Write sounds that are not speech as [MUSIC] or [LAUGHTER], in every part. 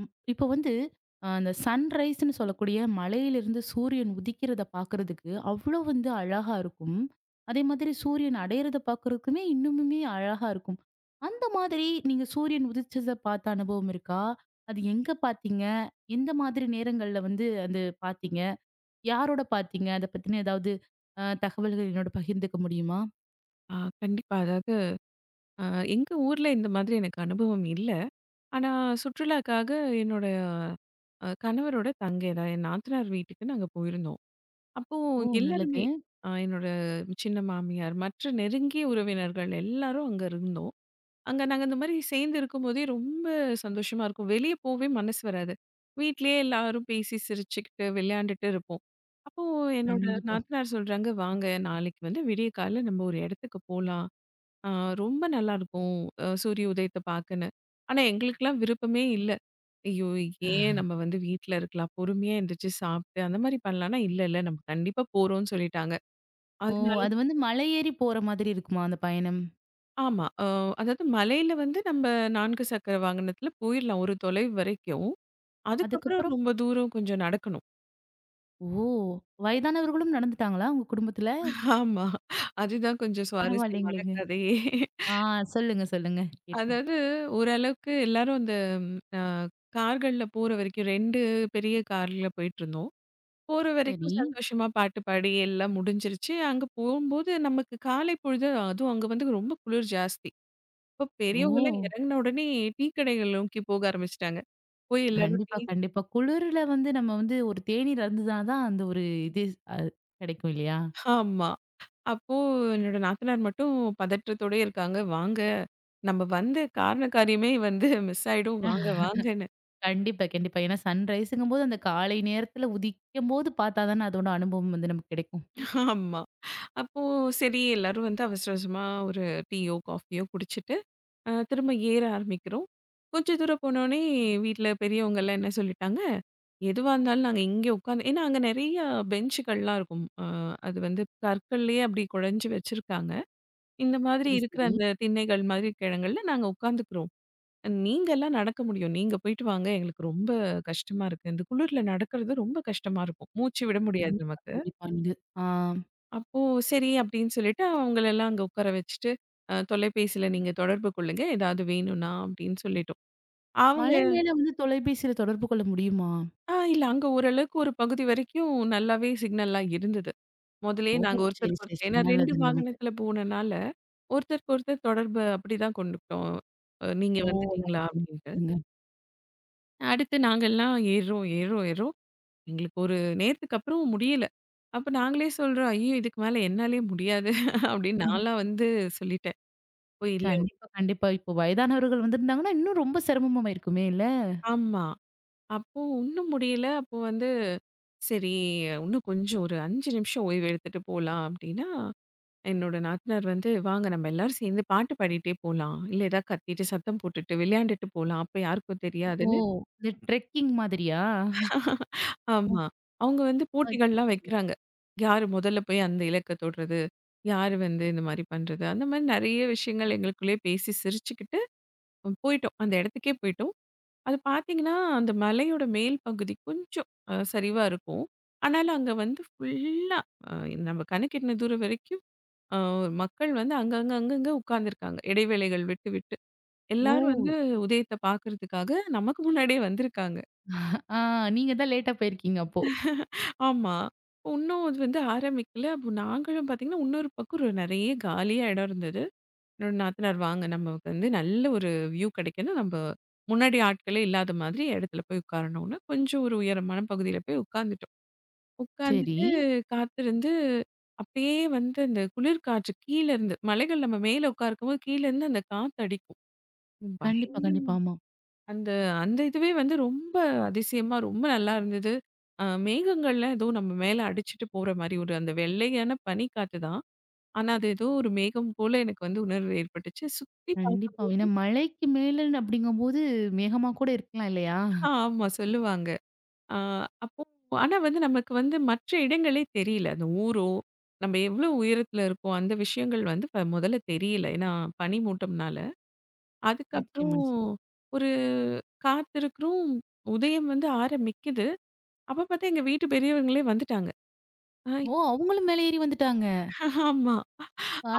ம். இப்போ வந்து அந்த சன்ரைஸ்ன்னு சொல்லக்கூடிய மலையிலிருந்து சூரியன் உதிக்கிறதை பாக்குறதுக்கு அவ்வளவு வந்து அழகா இருக்கும். அதே மாதிரி சூரியன் அடையறதை பாக்குறதுக்குமே இன்னுமுமே அழகா இருக்கும். அந்த மாதிரி நீங்க சூரியன் உதிச்சத பார்த்த அனுபவம் இருக்கா? அது எங்க பாத்தீங்க? எந்த மாதிரி நேரங்கள்ல வந்து அது பாத்தீங்க? யாரோட பாத்தீங்க? அதைப் பத்தின அ ஏதாவது அ தகவல்கள் என்னோட பகிர்ந்துக்க முடியுமா? ஆ, கண்டிப்பா. அதாவது, அ எங்க ஊர்ல இந்த மாதிரி எனக்கு அனுபவம் இல்ல. ஆனா சுற்றுலாக்காக என்னோட அ கணவரோட தங்கை, அதாவது என் நாத்தனார் வீட்டுக்கு நாங்க போயிருந்தோம். அப்போ ஓ! நல்லது. எல்லாருமே, அ என்னோட சின்ன மாமியார், மற்ற நெருங்கிய உறவினர்கள் எல்லாரும் அங்க இருந்தோம். அங்க நாங்க இந்த மாரி சேர்ந்து இருக்கும்போதே ரொம்ப சந்தோஷமா இருக்கும். வெளிய போவே மனசு வராது. வீட்டிலயே எல்லாரும் பேசி சிரிச்சுக்கிட்டு விளையாண்டுட்டு இருப்போம். அப்போ என்னோட கண்டிப்பா. நாத்தனார் சொல்றாங்க, "வாங்க நாளைக்கு வந்து விடியற்கால்ல நம்ம ஒரு இடத்துக்கு போலாம்" அ ரொம்ப நல்லா இருக்கும் அ சூரிய உதயத்தை பார்க்கன்னு. ஆனா எங்களுக்கெல்லாம் விருப்பமே இல்ல. ஐயோ ஏன்? [LAUGHS] நம்ம வந்து வீட்ல இருக்கலாம். பொறுமையா எந்திருச்சு சாப்பிட்டு அந்த மாதிரி பண்ணலாம்ன்னா, இல்ல, இல்ல நம்ம கண்டிப்பா போறோம்ன்னு சொல்லிட்டாங்க. ஓ! அதனால அது வந்து மலை ஏறிப் போற மாதிரி இருக்குமா அந்தப் பயணம்? ஆமா, ஆ, அதாது மலையில வந்து நம்ம 4 சக்கர வாகனத்துல போயிரலாம் ஒரு தொலைவு வரைக்கும். அதுக்கப்புறம் அதுக்கப்புறம் ரொம்ப தூரம் கொஞ்சம் நடக்கணும். ஓ! வயதானவர்களும் நடந்துட்டாங்களா உங்க குடும்பத்துல? ஆமா, அதுதான் கொஞ்சம் சுவாரஸ்யமான பரவாயில்லைங்லேங்க. கதையே. ஆ, சொல்லுங்க, சொல்லுங்க கேட்போம். அதாது, ஒரு அளவுக்கு எல்லாரும் அந்த, ஆ கார்கள்ல போற வரைக்கும் 2 பெரிய கார்ல போயிட்டு இருந்தோம். போற சரி. வரைக்கும் சந்தோஷமா பாட்டு பாடி எல்லாம் முடிஞ்சிருச்சு. அங்க போம்போது நமக்குக் காலை பொழுதும் அதுவும் அங்க வந்து ரொம்ப குளிர் ஜாஸ்தி. அப்போ பெரியவங்க எல்லாம் ஓ! இறங்கின உடனே டீ கடைகள் நோக்கி போக ஆரம்பிச்சிட்டாங்க. போயி எல்லாரும் டீ கண்டிப்பா, கண்டிப்பா. குளூருல வந்து நம்ம வந்து ஒரு தேனீர் அருந்துனாதான் தான் அந்த ஒரு இது, அ கிடைக்கும் இல்லையா? ஆமா, அப்போ என்னோட நாத்தனார் மட்டும் பதற்றத்தோடே இருக்காங்க. வாங்க, நம்ம வந்த காரண காரியமே வந்து [CHUCKLES] மிஸ் ஆயிடும். வாங்க வாங்கன்னு. [LAUGHS] கண்டிப்பா, கண்டிப்பா. ஏன்னா சன்ரைஸ்ங்கும் போது அந்தக் காலை நேரத்துல உதிக்கம்போது பாத்தாதானே அதோட அனுபவம் வந்து நமக்குக் கிடைக்கும். ஆமா. அப்போ சரி எல்லாரும் வந்து அவசர அவசரமா ஒரு டீயோ, காஃபியோ குடிச்சிட்டு, அ, திரும்ப ஏற ஆரம்பிக்கிறோம். கொஞ்சம் தூரம் போனோனே, வீட்ல பெரியவங்க எல்லாம் என்ன சொல்லிட்டாங்க, எதுவா இருந்தாலும் நாங்க இங்க உக்காந்து ஏன்னா அங்க நிறைய பெஞ்சுகள்லாம் இருக்கும். ஆ, அது வந்து கற்களையே அப்படி குடஞ்சு வச்சிருக்காங்க. இந்த மாதிரி சரி, இருக்கிற சரி. அந்த திண்ணைகள் மாரி இடங்கள்ல நாங்க உக்காந்துக்குரோம். அ நீங்க எல்லாம் நடக்க முடியும். நீங்க போயிட்டு வாங்க. எங்களுக்கு ரொம்ப கஷ்டமா இருக்கு. இந்த குளுர்ல நடக்குறது ரொம்ப கஷ்டமா இருக்கும். மூச்சு விட முடியாது கண்டிப்பா, நமக்கு. கண்டிப்பா. நீங்க, ஆ. அப்போ, சரி அப்படின்னு சொல்லிட்டு அவங்களை எல்லாம் அங்க உக்கார வச்சிட்டு அ தொலைபேசியில நீங்கத் தொடர்பு கொள்ளுங்க. ஏதாவது, வேணுன்னா அப்படின்னு சொல்லிட்டோம். அவங்க மலை மேல வந்து தொலைபேசியில தொடர்பு கொள்ள முடியுமா? அ, இல்ல, அங்க ஒரு அளவுக்கு ஒரு பகுதி வரைக்கும் நல்லாவே சிக்னல்லாம் இருந்தது. முதலயே, ஓ! நாங்க சரி, ஒருத்தருக்கு சரி, ஒருத்தர் சரி. ஏன்னா, 2 நல்லது, நல்லது. வாகனத்துல போனனால ஒருத்தருக்கு ஒருத்தர் தொடர்ப அப்படிதான் கொண்டுட்டோம். அ நீங்க, ஓ! வந்துட்டீங்களா அப்படின்னு? [UNINTELLIGIBLE] அடுத்து நாங்கல்லாம் ஏறோம் ஏறோம் ஏறோம். எங்களுக்கு ஒரு நேரத்துக்கப்புறம் முடியல, அப்போ நாங்களே சொல்றோம், அய்யயோ! இதுக்கு மேல என்னாலயே முடியாது, அப்படின்னு [CHUCKLES] நான்லாம் வந்து சொல்லிட்டேன். போயில்ல கண்டிப்பா, கண்டிப்பா. இப்போ வயதானவர்கள் வந்துருந்தாங்கனா, இன்னும் ரொம்ப சிரம்மமா ஆயிருக்குமே இல்ல? ஆமா, அப்போ ஒண்ணும் முடியல, அப்போ வந்து, சரி இன்னும் கொஞ்சம் ஒரு 5 நிமிஷம் ஓய்வு எடுத்துட்டு போகலாம். அப்படின்னா, என்னோட நாத்தனார் வந்து, வாங்க நம்ம எல்லாரும் சேர்ந்து பாட்டு பாடிட்டே போலாம். இல்ல, ஏதாவது கத்திட்டு, சத்தம் போட்டுட்டு, விளையாண்டுட்டு போகலாம். அப்போ யாருக்கும் ஓ! தெரியாதுன்னு இது ட்ரெக்கிங் மாதிரியா? [CHUCKLES] ஓ! ஆமா, அவங்க வந்து அ. போட்டிகள்லாம் [UNINTELLIGIBLE] வைக்கிறாங்க. யாரு முதல்ல போய் அந்த இலக்கை தொடுறது, யாரு வந்து இந்த மாரி பண்றது, அந்த மாரி நிறைய விஷயங்கள் எங்களுக்குள்ளேயே பேசி சிரிச்சுக்கிட்டு போயிட்டோம். அந்த இடத்துக்கே போயிட்டோம். அதை பாத்தீங்கன்னா, அந்த மலையோட மேல் பகுதி கொஞ்சம் அ சரிவா இருக்கும். ஆனாலும், அங்க வந்து ஃபுல்லா நம்ம கண்ணுக்கிட்டுன தூரம் வரைக்கும், மக்கள் வந்து, அங்கங்க அங்கங்க உக்காந்து இருக்காங்க. இடைவேளைகள் விட்டு விட்டு, எல்லாரும் வந்து ஓ! உதயத்தை பாக்கறதுக்காக நமக்கு முன்னாடியே வந்து இருக்காங்க. அ, நீங்கதான் லேட்டா போயிருக்கீங்க, அப்போ, ஆமா, ஒண்ணும் அது வந்து ஆரம்பிக்கல. அப்போ, நாங்களும் பாத்தீங்கன்னா இன்னொரு பக்கம் ரொ நிறைய காலியா இடம் இருந்தது. என்னோட, நாத்தனார் வாங்க நமக்கு வந்து நல்ல ஒரு வ்யூ கிடைக்கணும், நம்ம முன்னாடி ஆட்களே இல்லாத மாதிரி இடத்துல போய் உக்காரணும்ன்னு, கொஞ்சம் ஒரு உயரமான பகுதியில போய் உக்காந்துட்டோம். சரி. உக்காந்துட்டு காத்து இருந்து அப்படியே வந்து அந்தக் குளிர் காற்று கீழ இருந்து, மலைகள் நம்ம மேல உக்காந்துருக்கும்போது கீழ இருந்து அந்தக் காற்று அடிக்கும். கண்டிப்பா, பயங்கரமா, கண்டிப்பா. ஆமா. அந்த அந்த இதுவே வந்து ரொம்ப அதிசயமா, ரொம்ப நல்லா இருந்தது. அ மேகங்கள்லாம் ஏதோ, நம்ம மேல அடிச்சிட்டு போற மாரி ஒரு அந்த வெள்ளையான பனி காத்துதான். ஆனா, அது ஏதோ ஒரு மேகம் போல எனக்கு வந்து உணர்வு ஏற்பட்டுச்சு. சுத்தி பார்க்கும்போது கண்டிப்பா. ஏன்னா, மலைக்கு மேலன்னு அப்படிங்கும்போது மேகமா கூட இருக்கலாம் இல்லையா? அ ஆமா, சொல்லுவாங்க. அ, அப்போ ஆனா வந்து நமக்கு வந்து மற்ற இடங்களே தெரியல. அந்த ஊரோ, நம்ம எவ்வளவு உயரத்துல இருக்கோம். அந்த விஷயங்கள் ப வந்து முதல்ல தெரியல, ஏன்னா பனி மூட்டம்னால. அதுக்கப்புறம் நிச்சயமா, நிச்சயமா. ஒரு காத்து இருக்குறோம் உதயம் வந்து ஆரம்பிக்குது. அப்போ, பாத்தா எங்க வீட்டு பெரியவங்களே வந்துட்டாங்க. ஹைய் ஓ! அவங்களும் மேல ஏறி வந்துட்டாங்க. ஆமா,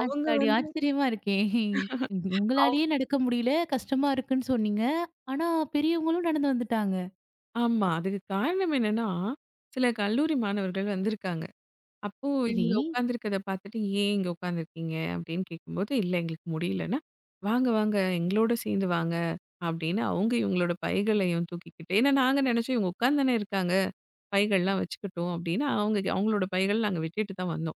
அவங்க வந்து. ஆச்சரியமா இருக்கே! [CHUCKLES] அவ் உங்களாலேயே, நடக்க முடியல கஷ்டமா இருக்குன்னு சொன்னீங்க. ஆனா பெரியவங்களும் நடந்து வந்துட்டாங்க! ஆமா, அதுக்கு காரணம் என்னன்னா, சில கல்லூரி மாணவர்கள் வந்து இருக்காங்க. அப்போ, சரி. இவங்க உக்காந்து இருக்கிறதை பார்த்துட்டு, "ஏன் இங்க உக்காந்து இருக்கீங்க." அப்படின்னு கேட்கும்போது, "இல்ல எங்களுக்கு முடியலன்னா வாங்க வாங்க எங்களோட சேர்ந்து வாங்க," அப்படின்னு அவங்க இவங்களோட பைகளையும் தூக்கிக்கிட்டு, ஏன்னா நாங்க நினைச்சோம், இவங்க உக்காந்துதானே இருக்காங்க, பைகள் எல்லாம் வச்சுக்கிட்டும் அப்படின்னா, அவங்க அவங்களோட பைகளை நாங்க விட்டுட்டுதான் வந்தோம்.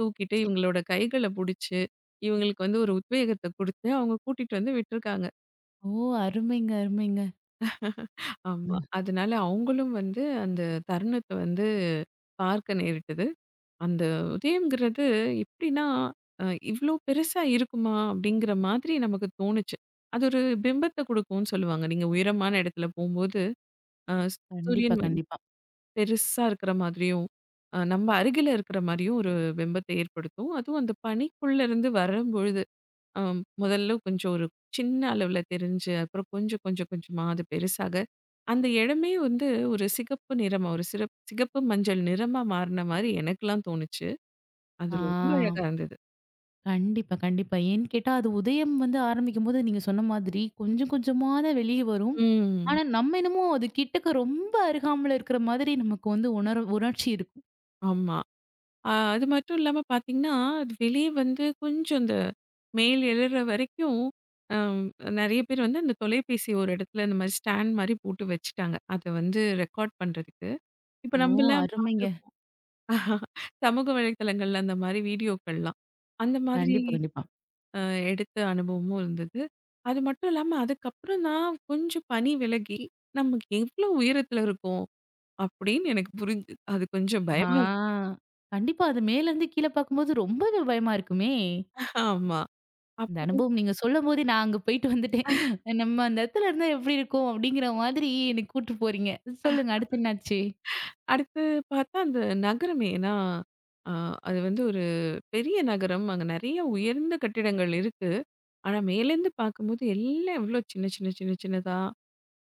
தூக்கிட்டு ச இவங்களோட, கைகளை புடிச்சு இவங்களுக்கு வந்து ஒரு உத்வேகத்தை கொடுத்து, அவங்க கூட்டிட்டு வந்து விட்டு இருக்காங்க. ஓ! அருமைங்க, அருமைங்க. ஆமா. ம். அதனால அவங்களும் வந்து அந்தத் தருணத்த வந்து பார்க்க நேரிட்டது. அந்த உதயம்ங்கிறது எப்படின்னா, அ இவ்ளோ பெருசா இருக்குமா? அப்படிங்கிற மாதிரி நமக்குத் தோணுச்சு. அது ஒரு பிம்பத்த கொடுக்கும்னு சொல்லுவாங்க. நீங்க உயரமான இடத்துல போம்போது. அ சூ கண்டிப்பா, சூரியன் வந்து கண்டிப்பா. பெருசா இருக்கிற மாதிரியும் அ நம்ப அருகில இருக்கிற மாதிரியும் ஒரு பிம்பத்த ஏற்படுத்தும். அதுவும் அந்தப் பனிக்குள்ள இருந்து வரும்பொழுது, ஆம். முதல்ல கொஞ்சம் ஒரு சின்ன அளவுல தெரிஞ்சு, அப்புறம் கொஞ்சம், கொஞ்சம், கொஞ்சமா அது பெருசாக, அந்த இடமே வந்து ஒரு சிகப்பு நிறமா, ஒரு சிறப் மஞ்சள் நிறமா மாறுன மாரி எனக்கல்லாம் தோணுச்சு. அது ஆ ரொம்ப அழகா இருந்தது. கண்டிப்பா, கண்டிப்பா. ஏன்னு கேட்டா அது உதயம் வந்து ஆரம்பிக்கும்போது நீங்கச் சொன்ன மாதிரி கொஞ்சம் கொஞ்சமா தான் வெளிய வரும். ம். ஆனா நம்ம என்னமோ அது கிட்டக்க ரொம்ப அருகாமைல இருக்கிற மாதிரி நமக்கு வந்து உணர்வு உணர்ச்சி இருக்கும். ஆமா. அ அது மட்டும் இல்லாம பார்த்தீங்கன்னா? அது வெளிய வந்து கொஞ்சம் அந்த மேல எழுற வரைக்கும் ஆ நெறைய பேர் வந்து அந்தத் தொலைபேசிய ஒரு இடத்துல இந்த மாதிரி ஸ்டாண்ட் மாதிரி போட்டு வச்சுட்டாங்க. அதை வந்து ரெகார்ட் பண்றதுக்கு. இப்ப ஓ! நம்ம எல்லாம் அருமைங்க. பார்த்திருப்போம். [CHUCKLES] சமூக வலைதளங்கள்ல அந்த மாதிரி வீடியோக்கள்லாம். அந்த மாதிரி கண்டிப்பா, கண்டிப்பா. அ எடுத்த அனுபவமும் இருந்தது. அது மட்டும் இல்லாம அதுக்கப்புறதான் கொஞ்சம் பனி விலகி நமக்கு எவ்ளோ உயரத்துல இருக்கோம் அப்டின்னு எனக்குப் புரிஞ்சுது. அது கொஞ்சம் ஆ பயமா இருக் கண்டிப்பா. அது மேல இருந்து கீழ பாக்கும் போது ரொம்பவே பயமா இருக்குமே? ஆமா. இந்த அப்புறம் அனுபவம் நீங்கச் சொல்லும்போதே நான் அங்க போயிட்டு வந்துட்டேன். [CHUCKLES] நம்ம அந்த இடத்துல இருந்தா எப்படி இருக்கும்? அப்படிங்கிற மாதிரி என்னக் கூட்டு போறீங்க. சொல்லுங்க அடுத்து என்ன ஆச்சு? [LAUGHS] அடுத்து பார்த்தா? அந்த நகரமே ஏன்னா அ அது வந்து ஒரு பெரிய நகரம். அங்க நெறைய உயர்ந்த கட்டிடங்கள் இருக்கு. ஆனா மேலருந்து பார்க்கும்போது எல்லாம் எவ்ளோ சின்ன சின்ன சின்ன சின்னதா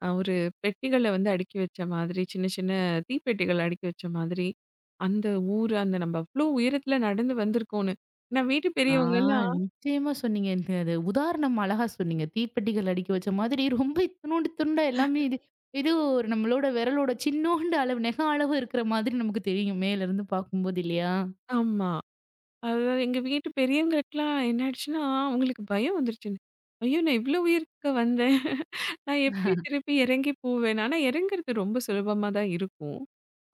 அ ஒரு பெட்டிகள வந்து அடுக்கி வச்ச மாதிரி. சின்ன சின்ன தீப்பெட்டிகள் அடுக்கி வச்ச மாதிரி. அந்த ஊரு அந்த நம்ம அவ்ளோ உயரத்துல நடந்து வந்திருக்கோம்னு. நான் வீட்டு ஆ பெரியவங்கல்லாம் நிச்சயமா சொன்னீங்க. இந்த அது அந்த உதாரணம் அழகா சொன்னீங்க. தீப்பெட்டிகள் அடுக்கி வச்ச மாதிரி ரொம்ப இத்துணுன்டு துண்ட எல்லாமே இது [CHUCKLES] இது ஒரு நம்மளோட விரலோட சின்நோண்டு அளவு, நகம் அளவு இருக்கிற மாதிரி நமக்குத் தெரியும். மேலருந்து பாக்கும் போது இல்லையா? ஆமா. அதாவது எங்க வீட்டு பெரியங்களுக்கு எல்லாம் என்னாயிடுச்சுன்னா? அவங்களுக்கு பயம் வந்துருச்சு. ஐயோ நான் இவ்வளோ உயரத்துக்கா வந்தேன். [LAUGHS] நான் எப்படி [CHUCKLES] திரும்பி இறங்கி போவேன். ஆனா இறங்குறது ரொம்ப சுலபமா தான் இருக்கும்.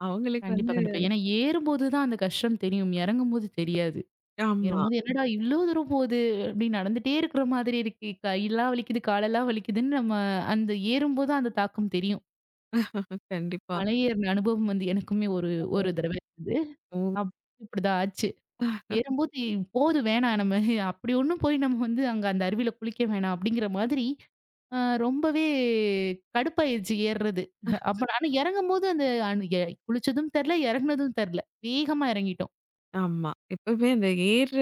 அவங்களுக்கு கண்டிப்பா, வந்து கண்டிப்பா. ஏன்னா ஏறும்போது தான் அந்த கஷ்டம் தெரியும். இறங்கும்போது தெரியாது. ஆமா. ஏறும்போது என்னடா இவ்வளவு தூரம் போது, அப்டி நடந்துட்டே இருக்கிற மாதிரி இருக்கே. கைலாம் வலிக்குது, காலல்லாம் வலிக்குதுன்னு நம்ம அந்த ஏறும்போது அந்தத் தாக்கம் தெரியும். [LAUGHS] கண்டிப்பா. மலை ஏறுன அனுபவம் வந்து எனக்குமே ஒரு ஒரு [UNINTELLIGIBLE] தடவ இருந்தது. ம். அப் அப்படிதான் ஆச்சு. [CHUCKLES] ஏறும்போது, "போதும் வேணாம். நம்ம அப்படி ஒண்ணும் போய் நம்ம வந்து அங்க அந்த அருவியில குளிக்க வேணாம்." அப்படிங்கிற மாதிரி, ஆ ரொம்பவே கடுப்பா ஆயிருச்சு ஏர்றது. [CHUCKLES] அப்ப நானு இறங்கும்போது அந்த அன் எ குளிச்சதும் தெர்ல, இறங்குனதும் தெர்ல. வேகமா இறங்கிட்டோம். ஆமா. எப்பவுமே அந்த ஏர்ற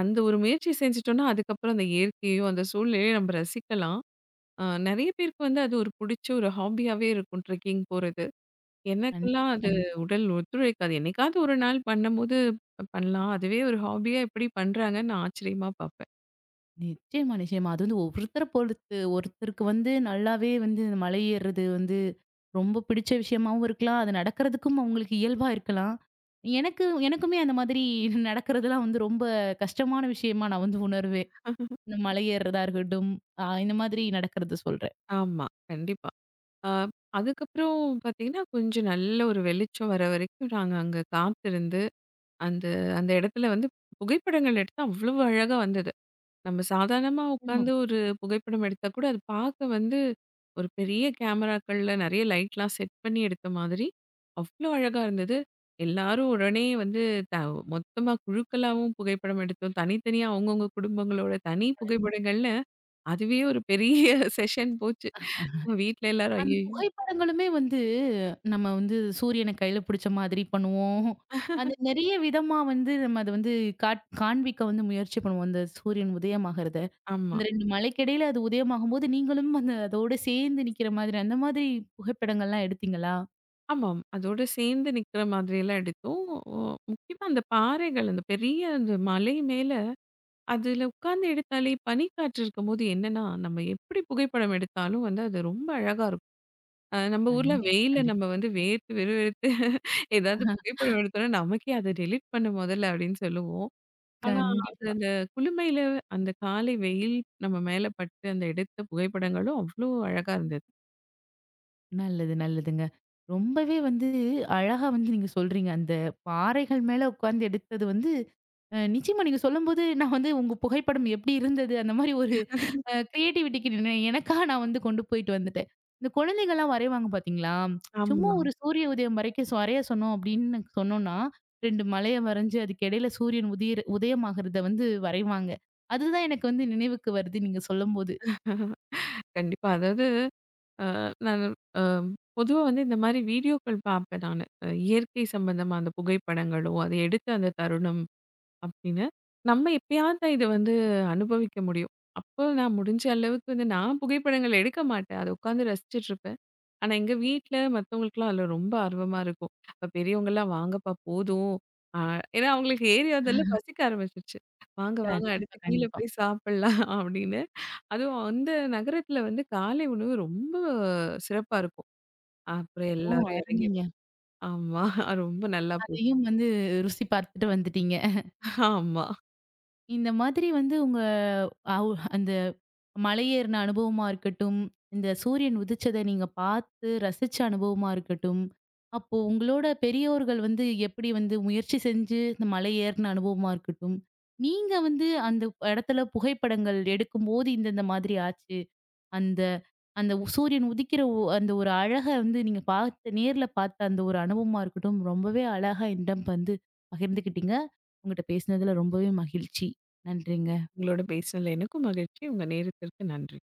அந்த ஒரு முயற்சி செஞ்சுட்டோம்ன்னா, அதுக்கப்புறம் அந்த இயற்கையும் அந்த சூழலையும் நம்ப ரசிக்கலாம். அ நெறைய பேருக்கு வந்து அது ஒரு புடிச்ச ஒரு ஹாபியாவே இருக்கும், ட்ரெக்கிங் போறது. எனக்கெல்லாம் கண்டிப்பா, அது கண்டிப்பா. உடல் ஒத்துழைக்காது. என்னைக்காவது ஒரு நாள் பண்ணும்போது பண்ணலாம். அதுவே ஒரு ஹாபியா எப்படி பண்றாங்கன்னு நா ஆச்சரியமா பாப்பேன். நிச்சயமா, நிச்சயமா. அது வந்து ஒவ்வொருத்தர பொறுத்து. ஒருத்தருக்கு வந்து நல்லாவே வந்து மலை ஏர்றது வந்து ரொம்ப பிடிச்ச விஷயமாவும் இருக்கலாம். அது நடக்குறதுக்கும் அவங்களுக்கு இயல்பா இருக்கலாம். எனக்கு எனக்குமே அந்த மாதிரி [CHUCKLES] நடக்குறதுலாம் வந்து ரொம்ப கஷ்டமான விஷயமா நான் வந்து உணர்வேன். [LAUGHS] இந்த மலை ஏர்றதா இருக்கட்டும், அ இந்த மாதிரி நடக்கறத சொல்றேன். ஆமா, கண்டிப்பா. ஆ அதுக்கப்புறம் பாத்தீங்கன்னா, கொஞ்சம் நல்ல ஒரு வெளிச்சம் வர வரைக்கும் நாங்க அங்க காத்திருந்து, அந்த அந்த இடத்துல வந்து புகைப்படங்கள் எடுத்தா அவ்வளவு அழகா வந்தது. நம்ம சாதாரணமா ஆமா. உக்காந்து ஒரு புகைப்படம் எடுத்தா கூட அது பார்க்க வந்து, ஒரு பெரிய கேமராக்கள்ள நெறைய லைட்லாம் செட் பண்ணி எடுத்த மாதிரி, அவ்வளோ அழகா இருந்தது. எல்லாரும் உடனே வந்து த மொத்தமா குழுக்களாவும் புகைப்படம் எடுத்தோம். தனித்தனியா அவங்கவங்க குடும்பங்களோட தனி கண்டிப் புகைப்படங்கள்ல, அதுவே ஒரு பெரிய செஷன் போச்சு. வீட்டுல [CHUCKLES] எல்லாரும் அந்த ஐயையோ புகைப்படங்களுமே வந்து நம்ம வந்து சூரியன கையில புடிச்ச மாதிரி பண்ணுவோம். அந்த [LAUGHS] நெறைய விதமா வந்து நம்ம அத வந்து காட் காண்பிக்க வந்து முயற்சி பண்ணுவோம், அந்த சூரியன் உதயம் ஆகுறத. ஆமா. அந்த 2 மலைக்கிடையில அது உதயம் ஆகும்போது, நீங்களும் அந்த அதோட சேர்ந்து நிக்கிற மாதிரி, அந்த மாதிரி புகைப்படங்கள்லாம் எடுத்தீங்களா? ஆமாம், அதோட சேர்ந்து நிக்கிற மாதிரி எல்லாம் எடுத்தோம். முக்கியமா அந்தப் பாறைகள், அந்தப் பெரிய அந்த மலை மேல அதுல உட்காந்து எடுத்தாலே, பனிக்காற்று இருக்கும்போது என்னன்னா, நம்ம எப்படி புகைப்படம் எடுத்தாலும் வந்து அது ரொம்ப அழகா இருக்கும். அ நம்ப ஊர்ல கண்டிப் வெயில்ல நம்ம கண்டிப்பா. வந்து வேர்த்து, விறுவிறுத்து ஏதாவது புகைப்படம் [CHUCKLES] எடுத்தோம்ன்னா நமக்கே, "அது டெலீட் பண்ணு முதல்ல" அப்படின்னு சொல்லுவோம். ஆனா, அது கண்டிப்பா. அந்த குளுமையில, அந்த காலை வெயில் நம்ம மேல பட்டு, அந்த எடுத்த புகைப்படங்களும் அவ்வளோ அழகா இருந்தது. நல்லது, நல்லதுங்க. ரொம்பவே வந்து அழகா வந்து நீங்க சொல்றீங்க. அந்தப் பாறைகள் மேல உட்கார்ந்து எடுத்தது வந்து அ நிச்சயமா நீங்க சொல்லும்போது, நான் வந்து உங்க புகைப்படம் எப்படி இருந்தது? அந்த மாரி ஒரு [LAUGHS] அ கிரியேட்டிவிட்டிக்கு [UNINTELLIGIBLE] எனக்காக நான் வந்து கொண்டு போயிட்டு வந்துட்டேன். இந்தக் குழந்தைகல்லாம் வரைவாங்க பார்த்தீங்களா, [TSK] சும்மா ஆமா. ஒரு சூரிய உதயம் வரைக்கும் ஸ் வரைய சொன்னோம் அப்படின்னு சொன்னோம்ன்னா, 2 மலையை வரைஞ்சு அதுக்கிடையில சூரியன் உதிர் உதயம் ஆகுறத வந்து வரைவாங்க. அதுதான் எனக்கு வந்து நினைவுக்கு வருது நீங்க சொல்லும்போது. [LAUGHS] கண்டிப்பா. அதாவது அ நான் அ பொதுவா வந்து இந்த மாரி வீடியோக்கள் பார்ப்பேன் நானு. இயற்கை சம்மந்தமா அந்தப் புகைப்படங்களோ, அதை எடுத்த அந்தத் தருணம், அப்படின்னு. நம்ம எப்பயாவது தான் இதை வந்து அனுபவிக்க முடியும். அப்ப நான் முடிஞ்ச அளவுக்கு வந்து, நான் புகைப்படங்கள் எடுக்கமாட்டேன். அதை உட்கார்ந்து ரசிச்சிட்டு இருப்பேன். ஆனா எங்க வீட்டுல மத்தவங்களுக்குல்லாம் அதுல ரொம்ப ஆர்வமா இருக்கும். பெரியவங்கல்லாம், "வாங்கப்பா போதும்." அ ஏன்னா அவங்களுக்கு ஏறி வந்ததுல [CHUCKLES] பசிக்க ஆரம்பிச்சுருச்சு. "வாங்க வாங்க அடுத்து கண்டிப்பா, கீழ கண்டிப்பா. போய் சாப்பிடலாம்." அப்படின்னு. அதுவும் அந்த நகரத்துல வந்து காலை உணவு ரொம்ப சிறப்பா இருக்கும். அப்புறம் ஓ! எல்லாரும் இறங்கி அருமைங்க. ஆமா. ரொம்ப நல்லா போச்சு. அதையும் வந்து ருசி பார்த்துட்டு வந்துட்டீங்க. [CHUCKLES] ஆமா. இந்த மாதிரி வந்து உங்க அவுஹ் அந்த மலையேறுன அனுபவமா இருக்கட்டும், இந்த சூரியன் உதிச்சத நீங்க பார்த்து ரசிச்ச அனுபவமா இருக்கட்டும், அப்போ உங்களோட பெரியோர்கள் வந்து எப்படி வந்து முயற்சி செஞ்சு இந்த மலையேறுன அனுபவமா இருக்கட்டும், நீங்க வந்து அந்த இடத்துல புகைப்படங்கள் எடுக்கும்போது, இந்த இந்த மாதிரி ஆச்சு அந்த அந்த உ சூரியன் உதிக்கிற ஒ அந்த ஒரு அழக வந்து நீங்கப் பார்த்து நேர்ல பார்த்த அந்த ஒரு அனுபவமா இருக்கட்டும், ரொம்பவே அழகா என்னிடம் வந்து பகிர்ந்துக்கிட்டீங்க. உங்கட்ட பேசுனதுல ரொம்பவே மகிழ்ச்சி. நன்றிங்க. உங்களோட பேசினதுல எனக்கும் மகிழ்ச்சி. உங்க நேரத்திற்கு நன்றி.